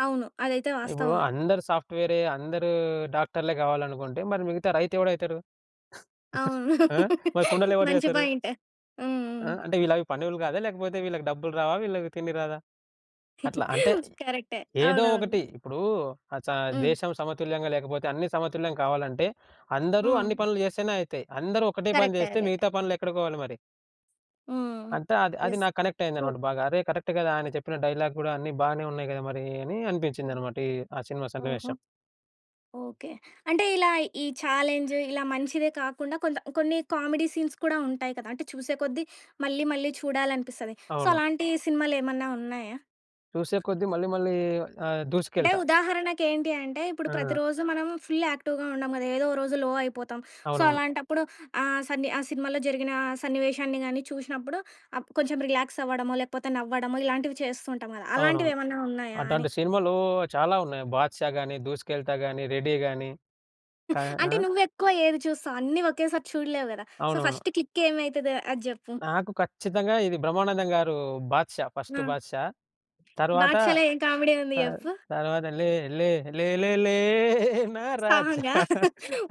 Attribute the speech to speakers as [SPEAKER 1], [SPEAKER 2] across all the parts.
[SPEAKER 1] అవును. అదైతే
[SPEAKER 2] ఇప్పుడు
[SPEAKER 1] వాస్తవమే.
[SPEAKER 2] అందరు సాఫ్ట్‌వేరే, అందరూ డాక్టర్లే కావాలనుకుంటే మరి మిగతా రైతు ఎవడైతారు?
[SPEAKER 1] అవును.
[SPEAKER 2] ఆ! మరి కుండలెవరు
[SPEAKER 1] మంచి
[SPEAKER 2] చేస్తారు?
[SPEAKER 1] పాయింట్. హ్మ్.
[SPEAKER 2] ఆ!
[SPEAKER 1] హ్మ్.
[SPEAKER 2] అంటే వీళ్ళు అవి పనోళ్ళు గాదా? లేకపోతే వీళ్ళకి డబ్బులు రావా? వీళ్ళకి తిండి రాదా? అట్లా. అంటే
[SPEAKER 1] కరెక్టే.
[SPEAKER 2] ఏదో
[SPEAKER 1] అవునవును.
[SPEAKER 2] ఒకటి. ఇప్పుడూ అచ్చా!
[SPEAKER 1] హ్మ్.
[SPEAKER 2] దేశం సమతుల్యంగా లేకపోతే అన్నీ సమతుల్యం కావాలంటే అందరూ అన్ని
[SPEAKER 1] హ్మ్.
[SPEAKER 2] పనులు చేస్తేనే అయితయి. అందరూ ఒకటే పని
[SPEAKER 1] కరెక్టే.
[SPEAKER 2] చేస్తే
[SPEAKER 1] అదైతే.
[SPEAKER 2] మిగతా పనులు ఎక్కడకోవాలి మరి?
[SPEAKER 1] హ్మ్.
[SPEAKER 2] అంతా అది, అది
[SPEAKER 1] యెస్.
[SPEAKER 2] నాకు కనెక్ట్
[SPEAKER 1] ట్రూ.
[SPEAKER 2] అయిందన్నమాట బాగా. అరే! కరెక్టే కదా! ఆయన చెప్పిన డైలాగ్ గూడా అన్ని బానే ఉన్నాయి గదా! మరీ అని అనిపించిందన్నమాట ఈ ఆ సినిమా
[SPEAKER 1] ఓహో!
[SPEAKER 2] సన్నివేశం.
[SPEAKER 1] ఓకే. అంటే ఇలా ఈ చాలెంజ్ ఇలా మంచిదే కాకుండా కొంత కొన్ని కామెడీ సీన్స్ కూడా ఉంటాయి కదా! అంటే చూసే కొద్ది మళ్ళీ, మళ్ళీ చూడాలనిపిస్తది. సో,
[SPEAKER 2] అవును.
[SPEAKER 1] అలాంటి సినిమాలేమన్నా ఉన్నాయా?
[SPEAKER 2] చూసే కొద్దీ మళ్ళీ మళ్ళీ ఆహ్,
[SPEAKER 1] అంటే
[SPEAKER 2] 'దూసుకెళ్తా.'
[SPEAKER 1] ఉదాహరణకి ఏంటి అంటే ఇప్పుడు
[SPEAKER 2] ఆ!
[SPEAKER 1] ప్రతిరోజు మనం ఫుల్ యాక్టివ్‌గా ఉండం గదా! ఏదో ఓ రోజు లో అయిపోతాం. సో,
[SPEAKER 2] అవునవును.
[SPEAKER 1] అలాంటప్పుడు ఆహ్, సన్ని ఆ సినిమాలో జరిగిన సన్నివేశాన్ని గాని చూసినప్పుడు అప్పుడు అప్ కొంచెం రిలాక్సవ్వడమో, లేకపోతే నవ్వడమో ఇలాంటివి చేస్తూ ఉంటాం గదా!
[SPEAKER 2] అవునవును.
[SPEAKER 1] అలాంటివేమన్నా ఉన్నాయా అని?
[SPEAKER 2] అట్టాంటి సినిమాలు చాలా ఉన్నాయి 'బాద్‌షా' గాని 'దూసుకెళ్తా' గాని, 'రెడీ' గాని. కా
[SPEAKER 1] అంటే
[SPEAKER 2] ఆ!
[SPEAKER 1] నువ్వేక్కువ ఏవి చూస్తావు? అన్నీ ఒకేసారి చూడలేవు కదా! సో
[SPEAKER 2] అవునువును.
[SPEAKER 1] ఫస్ట్ క్లిక్ ఏమైతదో అది జెప్పు.
[SPEAKER 2] నాకు ఖచ్చితంగా ఇది బ్రహ్మానందం గారు 'బాద్‌షా'
[SPEAKER 1] ఆ!
[SPEAKER 2] ఫస్ట్ 'బాద్‌షా.' తరువాత
[SPEAKER 1] 'బాద్‌షా' లా ఏం కామెడీ ఉంది
[SPEAKER 2] త
[SPEAKER 1] చెప్పు?
[SPEAKER 2] తరువాత లే లే లే లే లే నా రాజా
[SPEAKER 1] సాంగా!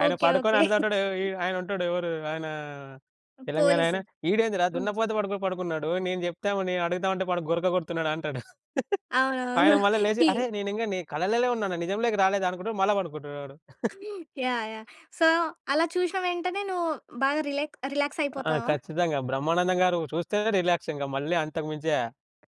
[SPEAKER 2] ఆయన
[SPEAKER 1] ఓకే.
[SPEAKER 2] పడుకొని
[SPEAKER 1] ఓకే.
[SPEAKER 2] అన్నదంటాడు. ఆయన ఉంటాడు. ఎవరు, ఆయనా
[SPEAKER 1] హ్మ్.
[SPEAKER 2] తెలంగాణ
[SPEAKER 1] పోలీసు.
[SPEAKER 2] ఆయన. ఇడేందిరా
[SPEAKER 1] హ్మ్.
[SPEAKER 2] దున్నపోత పడుకొని పడుకున్నాడు నేను జేప్తాను, నేను అడుగుదామంటే వాడు గురక కొడుతున్నాడంటాడు.
[SPEAKER 1] అవునవును.
[SPEAKER 2] ఆయన మళ్ళ లేచి
[SPEAKER 1] టీ
[SPEAKER 2] అరేయ్! నేను ఇంగా నీ కలల్లోనే ఉన్నానా? నిజంలోకి రాలేదా? అనుకుంటాడు. మళ్ళా పడుకుంటాడాడు.
[SPEAKER 1] యాహ్! యాహ్! సో, అలా చూసిన వెంటనే నువ్వు బాగా రిలాక్ రిలాక్స్
[SPEAKER 2] ఆ!
[SPEAKER 1] అయిపోతావా?
[SPEAKER 2] ఖచ్చితంగా బ్రహ్మానందం గారు చూస్తేనే రిలాక్స్ ఇంకా మళ్ళీ అంతకు మించా.